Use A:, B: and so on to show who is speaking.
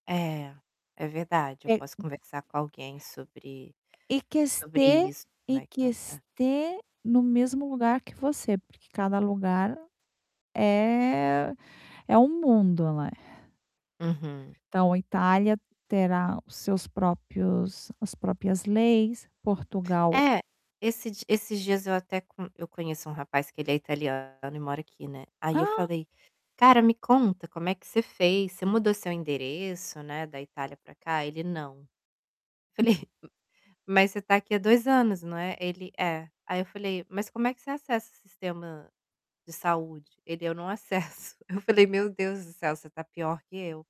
A: É, é verdade. Eu posso
B: [unintelligible]
A: conversar com alguém sobre
B: E que
A: sobre
B: este
A: isso, como
B: e
A: é que
B: que
A: ela tá.
B: este no mesmo lugar que você, porque cada lugar é é um mundo, né.
A: Uhum.
B: Então, a Itália terá os seus próprios as próprias leis, Portugal
A: É, esses di esses dias eu até com eu conheço um rapaz que ele é italiano e mora aqui, né. Aí, eu
B: Ah.
A: falei: "Cara, me conta como é que você fez, você mudou seu endereço, né, da Itália para cá?" Ele: "Não".
B: Hum.
A: Falei: "Mas você está aqui há 2 anos, né?" Ele: "É". Aí, eu falei: "Mas como é que você acessa o sistema de saúde?" Ele: "Eu não acesso". Eu falei: "Meu Deus do céu, você está pior que eu".